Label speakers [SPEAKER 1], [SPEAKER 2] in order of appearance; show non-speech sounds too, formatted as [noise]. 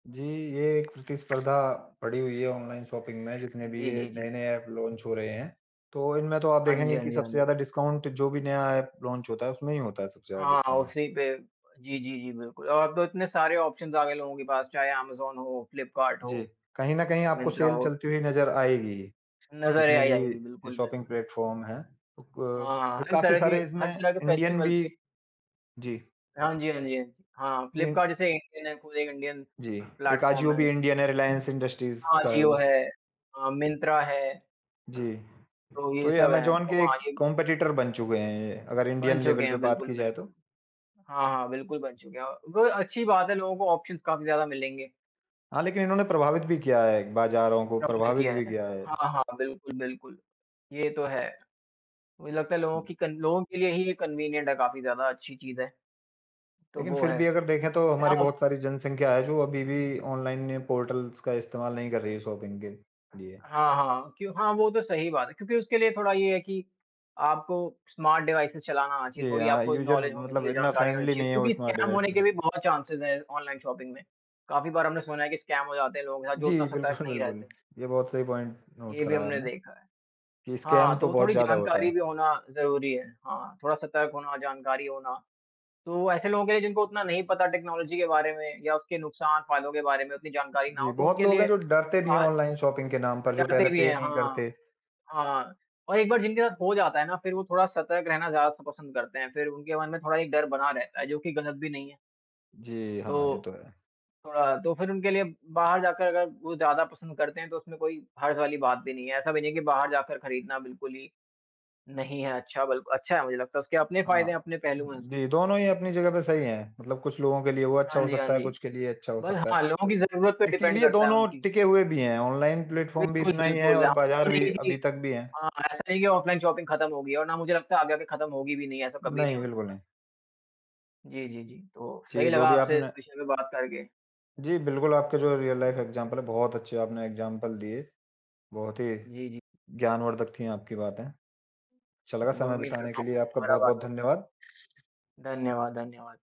[SPEAKER 1] जी, ये एक प्रतिस्पर्धा पड़ी हुई है ऑनलाइन शॉपिंग में जितने भी
[SPEAKER 2] जी,
[SPEAKER 1] ये
[SPEAKER 2] जी, जी।
[SPEAKER 1] नए-नए ऐप लॉन्च हो रहे हैं। तो इनमें तो आप
[SPEAKER 2] हाँ जी,
[SPEAKER 1] देखेंगे
[SPEAKER 2] हाँ
[SPEAKER 1] कि
[SPEAKER 2] जी, हाँ
[SPEAKER 1] सबसे ज़्यादा
[SPEAKER 2] जी।
[SPEAKER 1] डिस्काउंट जो भी नया ऐप लॉन्च होता है उसमें ही होता है सबसे ज़्यादा
[SPEAKER 2] हाँ, हाँ,
[SPEAKER 1] डिस्काउंट।
[SPEAKER 2] उसी पे जी, जी, जी, बिल्कुल। और अब तो इतने सारे ऑप्शंज़ आ गए लोगों के पास। चाहे अमेज़न हो, फ्लिपकार्ट
[SPEAKER 1] जी।
[SPEAKER 2] हो,
[SPEAKER 1] कहीं न कहीं
[SPEAKER 2] या
[SPEAKER 1] आपको
[SPEAKER 2] मिंत्रा
[SPEAKER 1] सेल
[SPEAKER 2] हो।
[SPEAKER 1] चलती हुई नज़र आएगी ही,
[SPEAKER 2] नज़र ए
[SPEAKER 1] जितने
[SPEAKER 2] अ,
[SPEAKER 1] भी
[SPEAKER 2] आएगी।
[SPEAKER 1] ये
[SPEAKER 2] बिल्कुल,
[SPEAKER 1] शॉपिंग
[SPEAKER 2] बिल्कुल।
[SPEAKER 1] प्लेटफ़ॉर्म हैं। ओ
[SPEAKER 2] हाँ,
[SPEAKER 1] क
[SPEAKER 2] हर
[SPEAKER 1] काफ़ी
[SPEAKER 2] तरह के
[SPEAKER 1] सारे इसमें
[SPEAKER 2] हर तरह के
[SPEAKER 1] इंडियन
[SPEAKER 2] फ़ेस्टिवल
[SPEAKER 1] भी
[SPEAKER 2] पे
[SPEAKER 1] जी।
[SPEAKER 2] हाँ जी, हाँ जी, हाँ जी। हाँ।
[SPEAKER 1] जी।
[SPEAKER 2] फ्लिपकार्ट जैसे इंडियन है, कोई इंडियन
[SPEAKER 1] जी, एक
[SPEAKER 2] प्लेटफ़ॉर्म
[SPEAKER 1] अजियो
[SPEAKER 2] है।
[SPEAKER 1] भी इंडियन है, रिलायंस इंडस्ट्रीस का है वो।
[SPEAKER 2] अजियो है। अ, मिंत्रा है।
[SPEAKER 1] जी।
[SPEAKER 2] तो ये
[SPEAKER 1] तो ये
[SPEAKER 2] सब हैं।
[SPEAKER 1] अमेज़न
[SPEAKER 2] तो
[SPEAKER 1] के
[SPEAKER 2] हाँ, यही
[SPEAKER 1] कम्पेटिटर बन चुके हैं ये, अगर
[SPEAKER 2] बन
[SPEAKER 1] इंडियन
[SPEAKER 2] चुके
[SPEAKER 1] लेवल पे
[SPEAKER 2] हैं,
[SPEAKER 1] बात की
[SPEAKER 2] बिल्कुल,
[SPEAKER 1] जाए तो।
[SPEAKER 2] बिल्कुल। हाँ, हाँ बिल्कुल बन चुके हैं। अ, वो अच्छी बात है लोगों को ऑप्शंज़ काफ़ी ज़्यादा मिलेंगे।
[SPEAKER 1] हाँ, लेकिन इन्होंने प्रभावित भी किया है बाज़ारों को,
[SPEAKER 2] [unintelligible]
[SPEAKER 1] प्रभावित
[SPEAKER 2] किया
[SPEAKER 1] भी
[SPEAKER 2] है?
[SPEAKER 1] किया है।
[SPEAKER 2] हाँ, हाँ, बिल्कुल, बिल्कुल, ये तो है। मुझे लगता है लोगों की कन लोगों के लिए ही ये कन्वीनिएंट है काफ़ी ज़्यादा अच्छी चीज़ है। तो
[SPEAKER 1] लेकिन
[SPEAKER 2] वो
[SPEAKER 1] फिर
[SPEAKER 2] है।
[SPEAKER 1] भी अगर देखें तो
[SPEAKER 2] अगर
[SPEAKER 1] हमारी
[SPEAKER 2] आप
[SPEAKER 1] बहुत सारी जनसंख्या है जो अभी भी ऑनलाइन ने पोर्टल्स का इस्तेमाल नहीं कर रही है शॉपिंग के लिए।
[SPEAKER 2] हाँ, हाँ। क्यों हाँ, वो तो सही बात है। क्योंकि उसके लिए थोड़ा ये है कि आपको स्मार्ट डिवाइसेज़ चलाना आना चाहिए।
[SPEAKER 1] जी
[SPEAKER 2] थोड़ी
[SPEAKER 1] हाँ,
[SPEAKER 2] आपको
[SPEAKER 1] यूज़र
[SPEAKER 2] नॉलेज होनी
[SPEAKER 1] मतलब
[SPEAKER 2] चाहिए,
[SPEAKER 1] इतना
[SPEAKER 2] जानकारी होनी
[SPEAKER 1] फ़्रेंडली
[SPEAKER 2] चाहिए।
[SPEAKER 1] नहीं है वो
[SPEAKER 2] क्योंकि
[SPEAKER 1] स्मार्ट
[SPEAKER 2] स्कैम
[SPEAKER 1] डिवाइस
[SPEAKER 2] होने
[SPEAKER 1] के
[SPEAKER 2] के
[SPEAKER 1] साथ।
[SPEAKER 2] भी बहुत चांसेज़ हैं ऑनलाइन शॉपिंग में। काफ़ी बार हमने सुना है कि स्कैम हो जाते हैं लोग, या जो
[SPEAKER 1] जी,
[SPEAKER 2] उतना सतर्क
[SPEAKER 1] बिल्कुल,
[SPEAKER 2] नहीं
[SPEAKER 1] बिल्कुल।
[SPEAKER 2] रहते।
[SPEAKER 1] ये बहुत सही पॉइंट नोट
[SPEAKER 2] ये भी
[SPEAKER 1] करा है
[SPEAKER 2] हमने
[SPEAKER 1] आपने।
[SPEAKER 2] देखा है।
[SPEAKER 1] कि स्कैम
[SPEAKER 2] हाँ, तो
[SPEAKER 1] तो
[SPEAKER 2] वो
[SPEAKER 1] बहुत
[SPEAKER 2] थोड़ी
[SPEAKER 1] ज़्यादा होता
[SPEAKER 2] जानकारी
[SPEAKER 1] है।
[SPEAKER 2] भी होना ज़रूरी है। हाँ, थोड़ा सतर्क होना, जानकारी होना। तो ऐसे लोगों के लिए जिनको उतना नहीं पता टेक्नॉलॉज़ी के बारे में या उसके नुकसान, फायदों के बारे में उतनी जानकारी ना
[SPEAKER 1] जी,
[SPEAKER 2] हो, तो
[SPEAKER 1] बहुत
[SPEAKER 2] उनके
[SPEAKER 1] लोग हैं
[SPEAKER 2] लिए
[SPEAKER 1] जो डरते भी हैं
[SPEAKER 2] और
[SPEAKER 1] ऑनलाइन शॉपिंग के नाम पर, जो पहले
[SPEAKER 2] डरते भी
[SPEAKER 1] पे
[SPEAKER 2] हैं
[SPEAKER 1] नहीं
[SPEAKER 2] हाँ।
[SPEAKER 1] करते।
[SPEAKER 2] हाँ हाँ, और एक बार जिनके साथ हो जाता है ना, फिर वो थोड़ा सतर्क रहना ज़्यादा स पसंद करते हैं। फिर उनके मन में थोड़ा एक डर बना रहता है, जो कि गलत भी नहीं है।
[SPEAKER 1] जी, हाँ। ये
[SPEAKER 2] तो
[SPEAKER 1] तो है।
[SPEAKER 2] थोड़ा अ, तो फिर उनके लिए बाहर जाकर अब वो ज़्यादा पसंद करते हैं तो उसमें कोई हर्ज़ वाली बात भी नहीं है। ऐसा भी नहीं है कि बाहर जाकर खरीदना बिल्कुल ही नहीं है अच्छा। बल अच्छा है मुझे लगता है उसके अपने फ़ायदे
[SPEAKER 1] हाँ।
[SPEAKER 2] हैं, अपने
[SPEAKER 1] उम,
[SPEAKER 2] पहलू हैं उस
[SPEAKER 1] दोनों ही अपनी जगह पे सही हैं। मतलब कुछ लोगों के लिए वो अच्छा
[SPEAKER 2] हाँ
[SPEAKER 1] हो
[SPEAKER 2] जी, हाँ
[SPEAKER 1] सकता है,
[SPEAKER 2] जी।
[SPEAKER 1] कुछ के लिए ये अच्छा हो
[SPEAKER 2] बस
[SPEAKER 1] सकता
[SPEAKER 2] हाँ
[SPEAKER 1] है।
[SPEAKER 2] लोगों
[SPEAKER 1] तो
[SPEAKER 2] की
[SPEAKER 1] अ,
[SPEAKER 2] ज़रूरत पे डिपेंड
[SPEAKER 1] इसीलिए
[SPEAKER 2] करता है
[SPEAKER 1] दोनों
[SPEAKER 2] उनकी।
[SPEAKER 1] टिके हुए भी हैं। ऑनलाइन प्लेटफ़ॉर्म भी
[SPEAKER 2] बिल्कुल,
[SPEAKER 1] इतना ही है
[SPEAKER 2] बिल्कुल।
[SPEAKER 1] और
[SPEAKER 2] हाँ,
[SPEAKER 1] बाज़ार
[SPEAKER 2] ऐसा नहीं
[SPEAKER 1] भी
[SPEAKER 2] है
[SPEAKER 1] अभी
[SPEAKER 2] कि
[SPEAKER 1] तक भी हैं।
[SPEAKER 2] हाँ, ऐसा ही है ऑफ़्लाइन शॉपिंग ख़त्म हो गई है। और ना मुझे लगता है आगे आकर ख़त्म होगी भी नहीं ऐसा कभी नहीं
[SPEAKER 1] नहीं,
[SPEAKER 2] हो
[SPEAKER 1] बिल्कुल
[SPEAKER 2] सकता।
[SPEAKER 1] नहीं।
[SPEAKER 2] जी, जी, जी। तो
[SPEAKER 1] जी,
[SPEAKER 2] सही
[SPEAKER 1] जो
[SPEAKER 2] लगा
[SPEAKER 1] भी
[SPEAKER 2] आपसे
[SPEAKER 1] आपने
[SPEAKER 2] इस विषय पे बात करके।
[SPEAKER 1] जी, बिल्कुल आपके जो रियल लाइफ़ इग्ज़ैम्पल हैं बहुत अच्छे आपने इग्ज़ैम्पल दिए। बहुत ही
[SPEAKER 2] जी, जी।
[SPEAKER 1] ज्ञानवर्धक थीं आपकी बातें। अच्छा
[SPEAKER 2] उ
[SPEAKER 1] लगा समय
[SPEAKER 2] उम्मीद
[SPEAKER 1] बिताने
[SPEAKER 2] करता
[SPEAKER 1] के
[SPEAKER 2] हूँ
[SPEAKER 1] लिए
[SPEAKER 2] फिर
[SPEAKER 1] आपका
[SPEAKER 2] दोबारा बात
[SPEAKER 1] बहुत-बहुत
[SPEAKER 2] होगी।
[SPEAKER 1] धन्यवाद।
[SPEAKER 2] धन्यवाद, धन्यवाद।